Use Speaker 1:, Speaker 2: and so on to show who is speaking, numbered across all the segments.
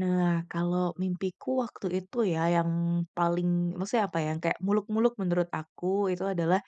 Speaker 1: Nah kalau mimpiku waktu itu ya yang paling, maksudnya apa ya, kayak muluk-muluk menurut aku itu adalah,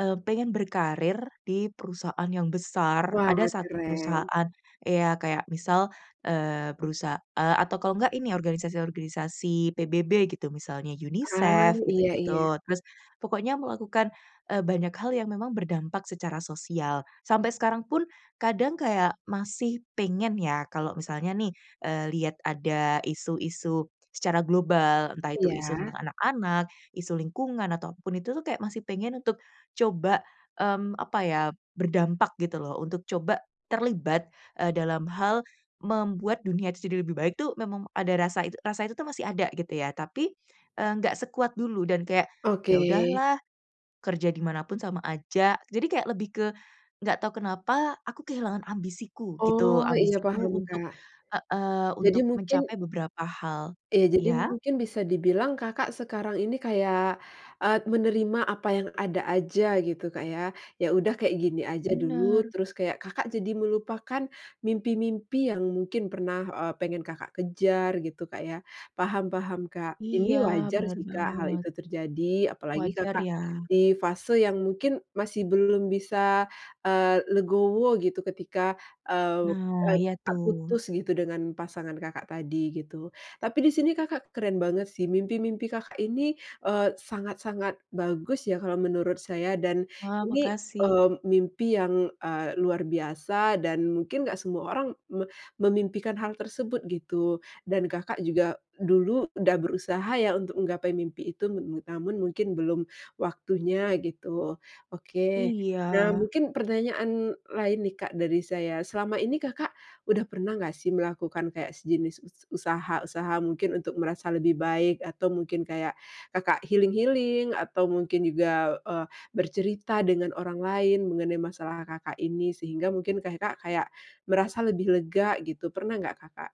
Speaker 1: eee, pengen berkarier di perusahaan yang besar. Ada
Speaker 2: Wah
Speaker 1: satu
Speaker 2: keren.
Speaker 1: perusahaan, ya kayak misal, eee, perusahaa atau kalau enggak ini organisasi-organisasi PBB gitu, misalnya
Speaker 2: Ah
Speaker 1: UNICEF
Speaker 2: iya iya.
Speaker 1: gitu-gitu, terus pokoknya melakukan, eee, banyak hal yang memang berdampak secara sosial, sampai sekarang pun kadang kayak masih pengen ya kalau misalnya nih, eee, lihat ada isu-isu secara global. Entah itu isu
Speaker 2: Iya.
Speaker 1: tentang anak-anak, isu lingkungan ataupun itu tuh kayak masih pengen untuk coba, mmm, apa ya berdampak gitu loh untuk coba terlibat, eee, dalam hal membuat dunia itu jadi lebih baik itu memang ada rasa itu rasa itu tuh masih ada gitu ya tapi, eee, nggak sekuat dulu dan kayak,
Speaker 2: Oke.
Speaker 1: ya udahlah kerja di mana pun sama aja, jadi kayak lebih ke gak tau kenapa aku kehilangan ambisiku gitu,
Speaker 2: Oh iya paham
Speaker 1: ambisiku untuk
Speaker 2: Kak.
Speaker 1: heeh,
Speaker 2: Jadi
Speaker 1: untuk
Speaker 2: mungkin
Speaker 1: mencapai beberapa hal.
Speaker 2: Iya, jadi
Speaker 1: Iya?
Speaker 2: mungkin bisa dibilang Kakak sekarang ini kayak, eee, menerima apa yang ada aja gitu Kak ya, ya udah kayak gini aja dulu
Speaker 1: Benar.
Speaker 2: terus kayak Kakak jadi melupakan mimpi-mimpi yang mungkin pernah, eee, pengen Kakak kejar gitu Kak ya. Paham paham Kak,
Speaker 1: Iya
Speaker 2: ini wajar jika
Speaker 1: benar
Speaker 2: sih Kak hal
Speaker 1: banget.
Speaker 2: itu terjadi apalagi
Speaker 1: Wajar
Speaker 2: Kakak
Speaker 1: ya.
Speaker 2: di fase yang mungkin masih belum bisa, eee, legowo gitu ketika, eee
Speaker 1: Nah
Speaker 2: eee eee,
Speaker 1: iya tuh.
Speaker 2: putus gitu dengan pasangan Kakak tadi gitu. Tapi di sini Kakak keren banget sih mimpi-mimpi Kakak ini, eee, sangat-sangat bagus ya kalo menurut saya dan
Speaker 1: Wah,
Speaker 2: ini,
Speaker 1: makasih.
Speaker 2: eee, mimpi yang, eee, luar biasa dan mungkin gak semua orang me memimpikan hal tersebut gitu. Dan Kakak juga dulu udah berusaha ya untuk menggapai mimpi itu, namun mungkin belum waktunya gitu, oke. Nah
Speaker 1: Iya.
Speaker 2: mungkin pertanyaan lain nih Kak dari saya, selama ini Kakak udah pernah gak sih melakukan kayak sejenis us usaha-usaha mungkin untuk merasa lebih baik atau mungkin kayak Kakak healing-healing atau mungkin juga, eee, bercerita dengan orang lain mengenai masalah Kakak ini sehingga mungkin Kakak merasa lebih lega gitu, pernah nggak Kakak?